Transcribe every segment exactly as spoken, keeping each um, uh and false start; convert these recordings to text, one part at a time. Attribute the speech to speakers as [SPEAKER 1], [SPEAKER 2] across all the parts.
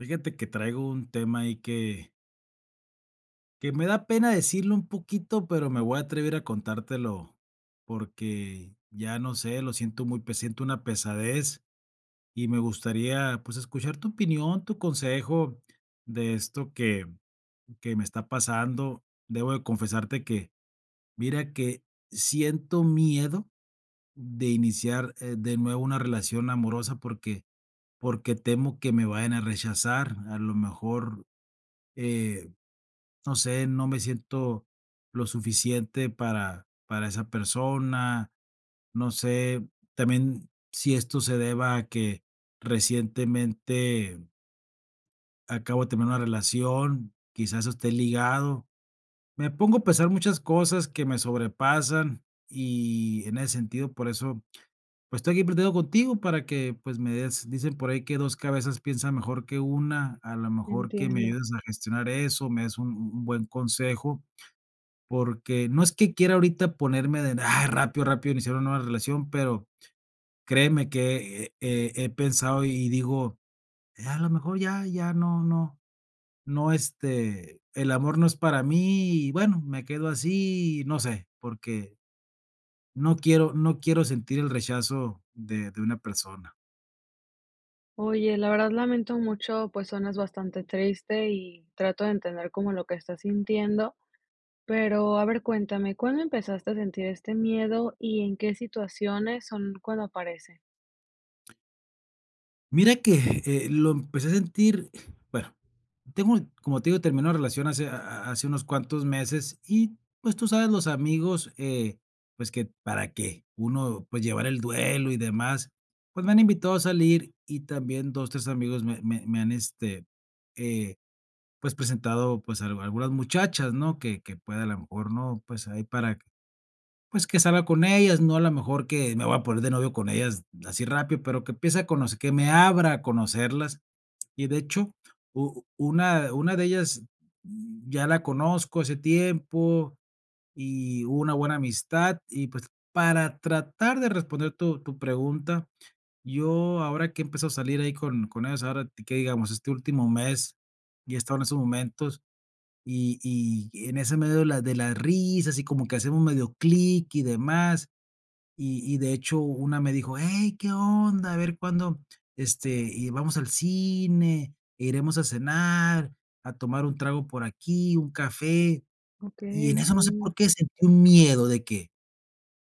[SPEAKER 1] Fíjate que traigo un tema ahí que que me da pena decirlo un poquito, pero, me voy a atrever a contártelo. Porque, ya no sé, lo siento muy pe siento una pesadez y me gustaría, pues, escuchar tu opinión, tu consejo de esto que que me está pasando. Debo de confesarte que, mira, que siento miedo de iniciar, eh, de nuevo una relación amorosa, porque porque temo que me vayan a rechazar. A lo mejor, eh, no sé, no me siento lo suficiente para para esa persona. No sé, también si esto se deba a que recientemente acabo de terminar una relación, quizás esté ligado. Me pongo a pensar muchas cosas que me sobrepasan y en ese sentido, por eso, pues, estoy aquí platicando contigo para que, pues, me des dicen por ahí que dos cabezas piensan mejor que una A la mejor que me
[SPEAKER 2] Entiendo.
[SPEAKER 1] ayudes a gestionar eso, me des un un un buen consejo. Porque, no es que quiera ahorita ponerme de, ah, rápido, rápido iniciar una nueva relación, pero, créeme que eh eh eh eh, pensado y digo, ya, a lo mejor ya ya no no no, este, el amor no es para mí y bueno me quedo así, no sé, porque, no quiero no quiero sentir el rechazo de de una persona.
[SPEAKER 2] Oye, la verdad lamento mucho, pues, suenas bastante triste y trato de entender como lo que estás sintiendo, pero, a ver, cuéntame, ¿cuándo empezaste a sentir este miedo y en qué situaciones son cuando aparece?
[SPEAKER 1] Mira que, eh, lo empecé a sentir, bueno, tengo, como te digo, terminé una relación hace ha ha hace unos cuantos meses y, pues, tú sabes, los amigos, eh, pues, que para que uno, pues, llevar el duelo y demás, pues, me han invitado a salir y también dos, tres, amigos me me me han, este, eh, pues, presentado, pues, al algunas muchachas, ¿no? Que que pueda, a lo mejor, ¿no? Pues, ahí para, pues, que salga con ellas. No, a la mejor que me voy a poner de novio con ellas así rápido, pero, que empiece a conocer que me abra a conocerlas. Y de hecho, u una una de ellas, mm, ya la conozco hace tiempo, y hubo una buena amistad y pues, para tratar de responder tu tu pregunta, yo ahora que he empezado a salir ahí con con ellos, ahora te que digamos este último mes y he estado en estos momentos y y en ese medio de la de las risas y como que hacemos medio clic y demás. Y y de hecho una me dijo, hey, qué onda, a ver cuándo, este, y vamos al cine, iremos a cenar, a tomar un trago por aquí, un café. Y
[SPEAKER 2] Okey.
[SPEAKER 1] en eso no sé
[SPEAKER 2] Sí.
[SPEAKER 1] por qué sentí un miedo de que,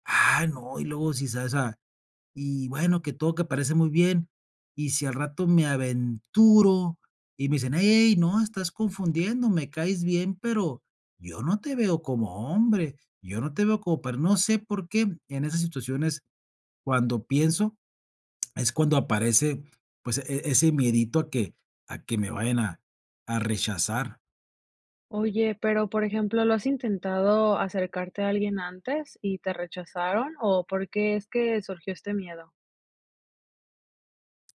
[SPEAKER 1] ah, no, y luego si se hace, y bueno, que todo, que parece muy bien, y si al rato me aventuro, y me dicen, hey hey, no, estás confundiendo, me caes bien, pero, yo no te veo como hombre, yo no te veo como per no sé, por qué, en esas situaciones cuando pienso es cuando aparece, pues, e ese miedito a que a que me vayan a a rechazar.
[SPEAKER 2] Oye, pero, por ejemplo, lo has intentado acercarte a alguien antes y te rechazaron, ¿o por qué es que surgió este miedo?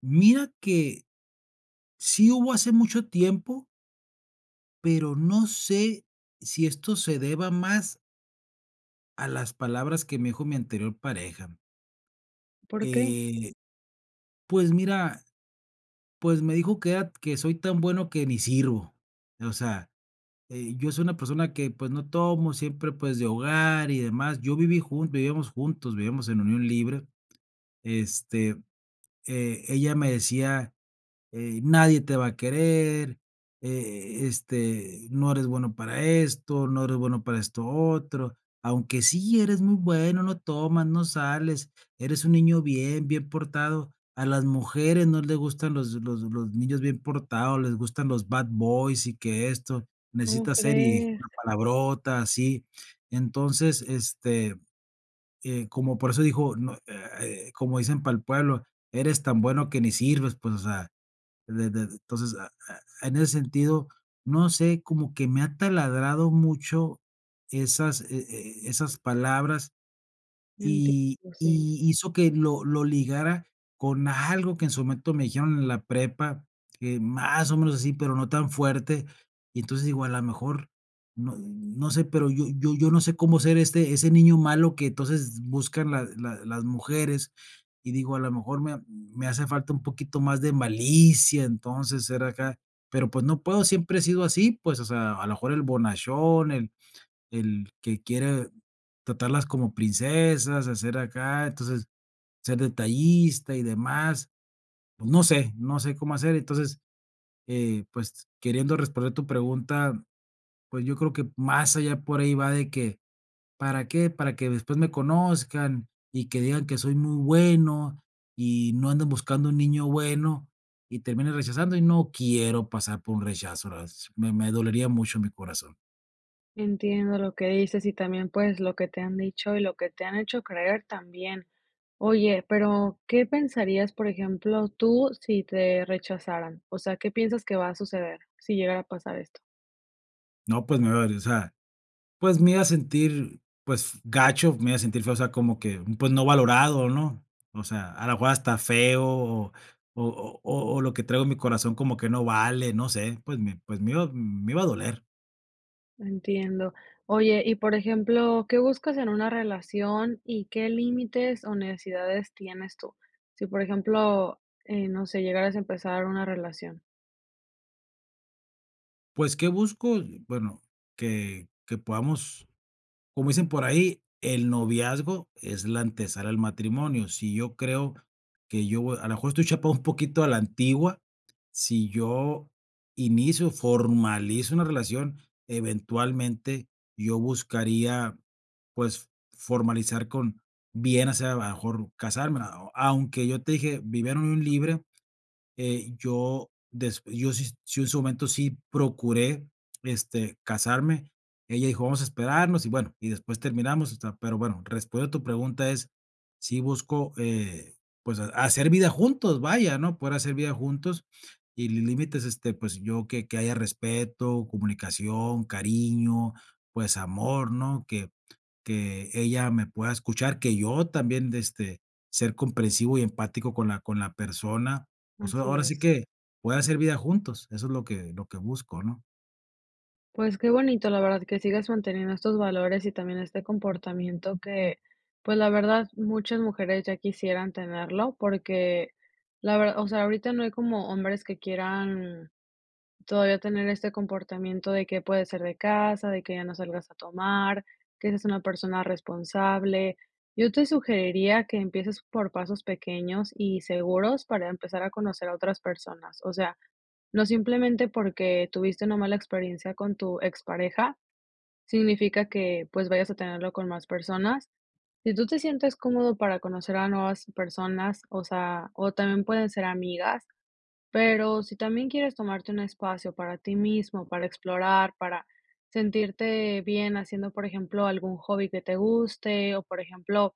[SPEAKER 1] Mira que, sí hubo hace mucho tiempo pero, no sé, si esto se deba más a las palabras que me dijo mi anterior pareja.
[SPEAKER 2] ¿Por qué?
[SPEAKER 1] Eh, pues, mira, pues, me dijo que era que soy tan bueno que ni sirvo. O sea, eh, yo soy una persona que, pues, no tomo, siempre, pues, de hogar y demás. Yo viví jun vivíamos juntos, vivíamos en unión libre. Este, eh, ella me decía: "Eh, nadie te va a querer, eh, este, no eres bueno para esto, no eres bueno para esto otro, aunque sí eres muy bueno, no tomas, no sales, eres un niño bien bien portado. A las mujeres no le gustan los los los niños bien portados, les gustan los bad boys y que esto.
[SPEAKER 2] ¿Como
[SPEAKER 1] Necesitas ser", y dijo
[SPEAKER 2] crees?
[SPEAKER 1] una palabrota, así. Entonces, este, eh, como por eso dijo, no, eh, [unintelligible] como dicen para el pueblo, eres tan bueno que ni sirves. Pues, o sea, de de entonces, a e e en ese sentido, no sé, como que me ha taladrado mucho esas, e e esas palabras, y
[SPEAKER 2] Entiendo, sí.
[SPEAKER 1] y hizo que lo lo ligara con algo, que en su momento me dijeron en la prepa, eh, más o menos así, pero, no tan fuerte. Y entonces digo: "A la mejor, no no sé, pero yo yo yo no sé cómo ser ese ese niño malo que entonces buscan la la las mujeres", y digo: "A la mejor me ha me hace falta un poquito más de malicia", entonces, ser acá. Pero, pues, no puedo, siempre he sido así. Pues, o sea, a lo mejor el bonachón, el el que quiere tratarlas como princesas, a ser acá, entonces, ser detallista y demás. Pues, no sé no sé cómo hacer. Entonces, eh, pues, queriendo responder tu pregunta, pues, yo creo que más allá por ahí va de que: "¿Para qué? Para que después me conozcan y que digan que soy muy bueno, y no andan buscando un niño bueno", y terminan rechazando y no quiero pasar por un rechazo, otra vez, me me dolería mucho mi corazón.
[SPEAKER 2] Entiendo, lo que dices y también, pues, lo que te han dicho y lo que te han hecho creer también. Oye, pero, ¿qué pensarías, por ejemplo, tú, sí te rechazaran? O sea, ¿qué piensas que va a suceder sí llegara a pasar esto?
[SPEAKER 1] No, pues, me va a, o sea, pues, me iba a sentir, pues gacho, me iba a sentir feo, o sea, como que, pues no valorado, ¿no? O sea, a lo mejor hasta feo, o o o o lo que traigo en mi corazón, como que no vale, no sé, pues, me pues, me me iba me iba a doler.
[SPEAKER 2] Entiendo. Oye, y por ejemplo, ¿qué buscas en una relación y qué límites, o necesidades tienes tú? Sí, por ejemplo, eh, no sé, llegaras a empezar una relación.
[SPEAKER 1] Pues, ¿qué busco? Bueno, que que podamos, como dicen por ahí, el noviazgo es la ante sala al matrimonio. Si yo creo que yo voy a lo mejor estoy chapado un poquito a la antigua. Si yo inicio, formalizo una relación, eventualmente yo buscaría, pues, formalizar con, bien hacer, a lo mejor casarme. Ah, o, aunque yo te dije, vivir en unión libre, eh, yo, des yo si, si en su momento sí procuré, este, casarme. Ella dijo: "Vamos a esperarnos" y bueno y después terminamos, o sea. Pero bueno, respondiendo a tu pregunta es, sí busco, eh, pues, ha hacer vida juntos, vaya, ¿no? Poder hacer vida juntos y li límites, este, pues, yo que, que haya respeto, comunicación, cariño, pues, amor, ¿no? Que que ella me pueda escuchar, que yo también, este, ser comprensivo y empático con la con la persona, o sea,
[SPEAKER 2] Así
[SPEAKER 1] ahora
[SPEAKER 2] es.
[SPEAKER 1] sí que poder hacer vida juntos, eso es lo que lo que busco, ¿no?
[SPEAKER 2] Pues, qué bonito, la verdad, que sigas manteniendo estos valores y también este comportamiento que, pues la verdad, muchas mujeres ya quisieran tenerlo, porque, la ver o sea, ahorita no hay como hombres que quieran todavía tener este comportamiento, de que puede ser de casa, de que ya no salgas a tomar, que seas una persona responsable. Yo te sugeriría que empieces por pasos pequeños y seguros, para empezar a conocer a otras personas. O sea, no simplemente porque, tuviste una mala experiencia con tu expareja, significa que, pues, vayas a tenerlo con más personas. Si tú te sientes cómodo para conocer a nuevas personas, o sea, o también pueden ser amigas. Pero, si también quieres tomarte un espacio para ti mismo, para explorar, para sentirte bien haciendo, por ejemplo, algún hobby que te guste. O, por ejemplo,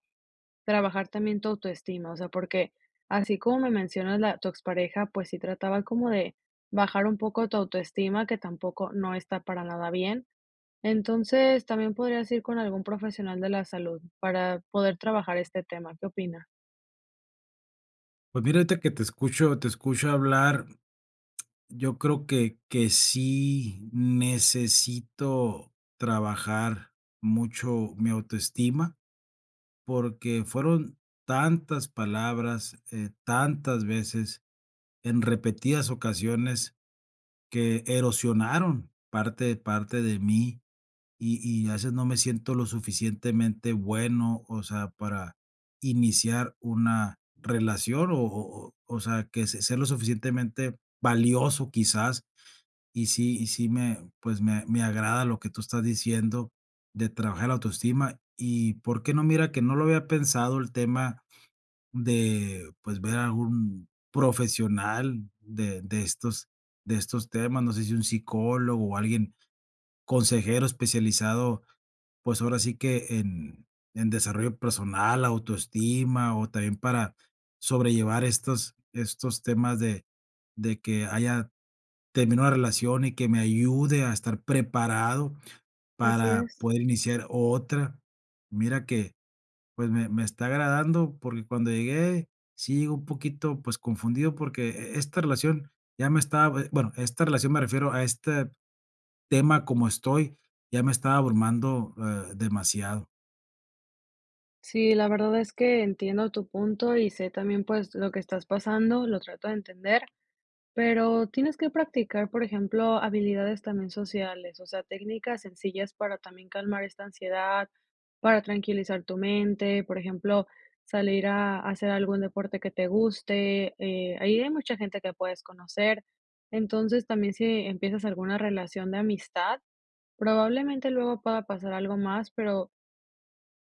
[SPEAKER 2] trabajar también tu autoestima, o sea, porque, así como me mencionas la tu expareja, pues sí, trataba como de bajar un poco tu autoestima, que tampoco no está para nada bien. Entonces, también podrías ir con algún profesional de la salud, para poder trabajar este tema, ¿qué opina?
[SPEAKER 1] Pues, mira, ahorita que te escucho te escucho hablar, yo creo que que sí necesito trabajar mucho mi autoestima, porque, fueron tantas palabras, eh, tantas veces, en repetidas ocasiones, que erosionaron parte parte de mí, y y a veces no me siento lo suficientemente bueno, o sea, para iniciar una relación o o o sea, que sea lo suficientemente valioso quizás. Y sí y sí me, pues, me me agrada lo que tú estás diciendo, de trabajar la autoestima y por qué no, mira que no lo había pensado el tema de, pues, ver a un profesional de de estos de estos temas. No sé, si un psicólogo o alguien, consejero especializado, pues, ahora sí que en en desarrollo personal, la autoestima, o también para sobrellevar estos estos temas de de que haya terminado la relación y que me ayude a estar preparado
[SPEAKER 2] Así
[SPEAKER 1] para
[SPEAKER 2] es.
[SPEAKER 1] poder iniciar otra. Mira que, pues, me me está agradando porque, cuando llegué, sí llegue un poquito, pues, confundido porque, e esta relación ya me está, bue bueno, esta relación, me refiero a este tema como estoy ya me está abrumando, eh, demasiado.
[SPEAKER 2] Sí, la verdad es que entiendo tu punto y sé también, pues, lo que estás pasando, lo trato de entender. Pero, tienes que practicar, por ejemplo, habilidades también sociales, o sea, técnicas sencillas para también calmar esta ansiedad, para tranquilizar tu mente, por ejemplo, salir a hacer algún deporte que te guste. Eh, ahí hay mucha gente que puedes conocer. Entonces, también, si empiezas alguna relación de amistad, probablemente luego pueda pasar algo más, pero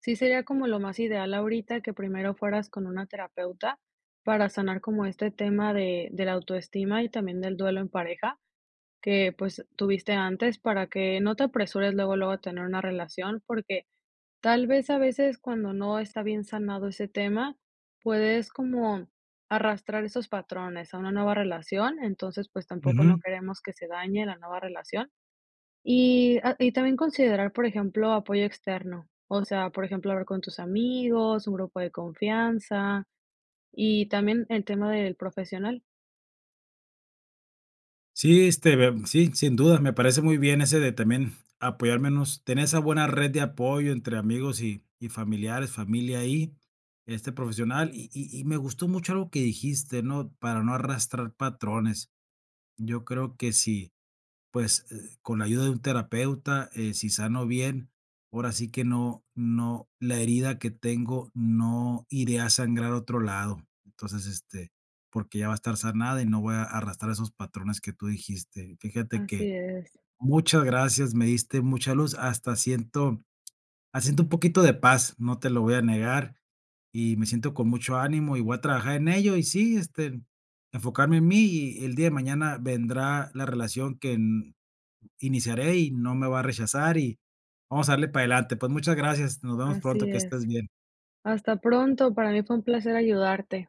[SPEAKER 2] sí sería como lo más ideal ahorita, que primero fueras con una terapeuta. Para sanar como este tema de de la autoestima y también del duelo en pareja. Que, pues, tuviste antes para que no te apresures luego, luego tener una relación, porque, tal vez, a veces cuando no está bien sanado ese tema, puedes como arrastrar esos patrones a una nueva relación. Entonces, pues, tampoco no
[SPEAKER 1] Ujú.
[SPEAKER 2] queremos que se dañe la nueva relación. Y, ah, y también considerar, por ejemplo, apoyo externo, o sea, por ejemplo, hablar con tus amigos, un grupo de confianza, y también el tema del profesional.
[SPEAKER 1] Sí, este, de sí, sin dudas me parece muy bien ese de también apoyarnos, tener esa buena red de apoyo entre amigos y y familiares, familia ahí, este profesional. Y y y me gustó mucho algo que dijiste, ¿no? Para no arrastrar patrones. Yo creo que sí, pues, eh, con la ayuda de un terapeuta, eh, sí sano bien, ahora sí que no no, la herida que tengo, no iría a sangrar a otro lado. Entonces, este, porque, ya va a estar sanada y no voy a arrastrar esos patrones que tú dijiste. Fíjate que
[SPEAKER 2] Así es.
[SPEAKER 1] muchas gracias, me diste mucha luz, hasta siento siento un poquito de paz, no te lo voy a negar. Y me siento con mucho ánimo y voy a trabajar en ello. Y sí, este, enfocarme en mí y el día de mañana vendrá la relación que, mm, iniciaré y no me va a rechazar y vamos a darle para adelante. Pues muchas gracias, nos vemos pronto,
[SPEAKER 2] Así
[SPEAKER 1] que
[SPEAKER 2] es.
[SPEAKER 1] estés bien.
[SPEAKER 2] Hasta pronto, para mí fue un placer ayudarte.